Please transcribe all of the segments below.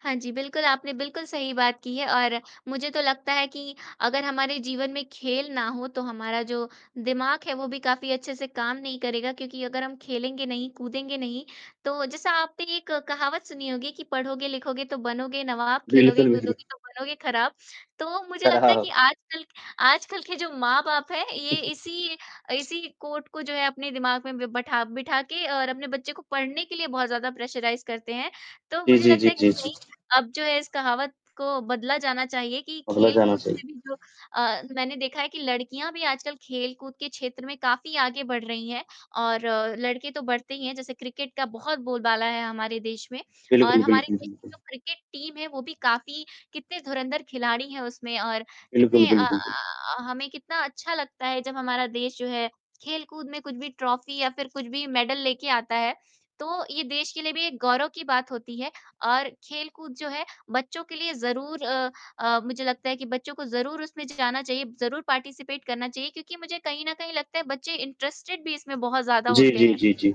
हाँ जी। बिल्कुल, आपने बिल्कुल सही बात की है और मुझे तो लगता है कि अगर हमारे जीवन में खेल ना हो, तो हमारा जो दिमाग है, वो भी काफ़ी अच्छे से काम नहीं करेगा क्योंकि अगर हम खेलेंगे नहीं, कूदेंगे नहीं तो जैसा आपने एक कहावत सुनी होगी कि, पढ़ोगे लिखोगे तो बनोगे नवाब, खेलोगे कूदोगे [unintelligible] तो बनोगे खराब, तो मुझे कर लगता रहा है कि हो। आजकल, आजकल के जो माँ बाप है ये इसी इसी कोट को जो है अपने दिमाग में ब बैठा बैठा के और अपने बच्चे को पढ़ने के लिए बहुत ज़्यादा प्रेशराइज़ करते हैं, तो जी, मुझे जी, लगता जी, है कि जी, जी। नहीं, अब जो है इस कहावत को बदला जाना चाहिए कि बदला जाना खेलकूद चाइ से भी जो अ, मैंने देखा है कि लड़कियाँ भी आजकल खेलकूद के क्षेत्र में काफ़ी आगे बढ़ रही हैं और अ, लड़के तो बढ़ते ही हैं जैसे क्रिकेट का बहुत बोलबाला है हमारे देश में और बिल्कुल, हमारे बिल्कुल, देश की बिल्कुल। जो क्रिकेट टीम है वो भी काफ़ी कितने धुरंधर खिलाड़ी हैं उसमें और बिल्कुल, कितने अ बिल्कुल, बिल्क अ, हमें कितना अच्छा लगता है जब हमारा देश जो है खेलकूद में कुछ भी ट्रॉफी या फिर कुछ भी मेडल लेके आता है, तो ये देश के लिए भी एक गौरव की बात होती है और खेलकूद जो है, बच्चों के लिए ज़रूर अ अ, मुझे लगता है कि बच्चों को ज़रूर उसमें जाना चाहिए, ज़रूर पार्टिसिपेट करना चाहिए, क्योंकि मुझे कहीं न कहीं लगता है बच्चे इंटरेस्टेड भी इसमें बहुत ज़्यादा जी, होते जी, हैं। जी, जी।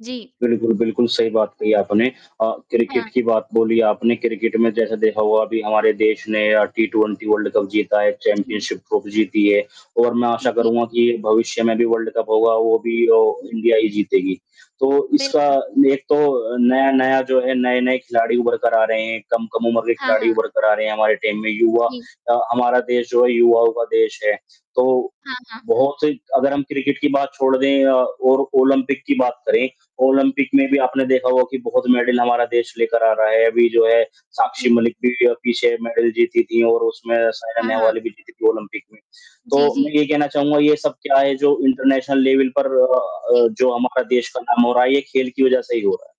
जी। बिल्कुल, बिल्कुल सही बात कही आपने अ, हाँ। क्रिकेट की बात बोली आपने, क्रिकेट में जैसे देखा होगा अभी हमारे देश ने अ, टी 20 वर्ल्ड कप जीता है, जी। चैंपियनशिप ट्रॉफी जीती है और मैं आशा जी। करूँगा कि भविष्य में भी वर्ल्ड कप होगा, वो भी ओ इंडिया ही जीतेगी, तो इसका बिल्कुल। एक तो नया-नया जो है, नए-नए खिलाड़ी उभर कर आ रहे हैं, कम-कम उम्र के हाँ, खिलाड़ी हाँ। उभर कर आ रहे हैं हमारे टीम में, युवा जी। अ, हमारा देश जो है युवाओं का देश है, तो हाँ, हाँ। बहुत ही अगर हम क्रिकेट की बात छोड़ दें अ, और ओलंपिक की बात करें, ओलंपिक में भी जी। आपने देखा होगा कि बहुत मेडल हमारा देश लेकर आ रहा है। अभी जो है जी। साक्षी मलिक भी पीछे मेडल जीती थी और उसमें साइना हाँ, हाँ। नेहवाल भी जीती थी ओलंपिक में, तो जी, मैं जी। ये कहना चाहूँगा, ये सब क्या है जो इंटरनेशनल लेवल पर अ जी। अ, जो हमारा देश का नाम हो रहा है, ये खेल की वज़ह से ही हो रहा है,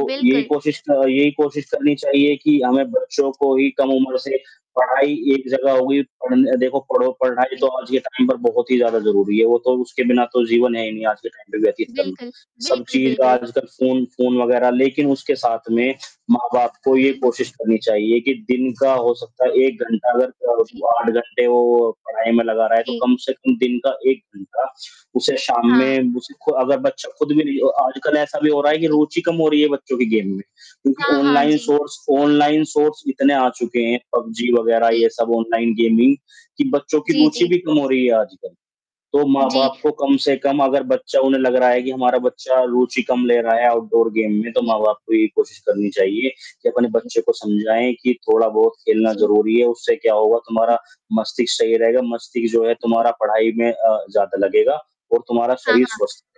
तो यही बिल्कुल। कोशिश क यही कोशिश करनी चाहिए कि हमें बच्चों जी। को ही कम उम्र से पढ़ाई एक जगह हो गई, पढ़ने देखो पढ़ो पढ़ाई जी। तो आज के टाइम पर बहुत ही ज़्यादा ज़रूरी है, वो तो उसके बिना तो जीवन है ही नहीं आज के टाइम पे व्यतीत करना, बिल्कुल, सब बिल्कुल, चीज़ बिल्कुल। आजकल फ़ोन फ़ोन वग़ैरह लेकिन उसके साथ में माँ-बाप को ये हुँ, हुँ। कोशिश करनी चाहिए कि दिन का जी। हो सकता है 1 घंटा अगर जी। अ, 8 घंटे वो पढ़ाई में लगा रहा है, तो जी। कम से कम दिन का 1 घंटा उसे शाम हाँ। में, उसे खु अगर बच्चा खुद भी नहीं अ, आजकल ऐसा भी हो रहा है कि जी। रुचि कम हो रही है बच्चों के गेम में क्योंकि हाँ, हाँ। ऑनलाइन जी। सोर्स, ऑनलाइन सोर्स इतने आ चुके हैं, पबजी वग़ैरह जी। ये सब ऑनलाइन गेमिंग कि बच्चों की जी, रुचि जी। भी कम हो रही है आजकल। तो माँ जी। बाप को कम से कम अगर बच्चा उन्हें लग रहा है कि हमारा बच्चा रुचि कम ले रहा है आउटडोर गेम में, तो जी। माँ बाप को ये कोशिश करनी चाहिए कि अपने जी। बच्चे को समझाएँ कि थोड़ा बहुत खेलना जी। ज़रूरी है, उससे क्या होगा तुम्हारा जी। मस्तिष्क सही रहेगा, मस्तिष्क जो है जी। तुम्हारा पढ़ाई में अ, ज़्यादा लगेगा और तुम्हारा हाँ, शरीर हाँ। स्वस्थ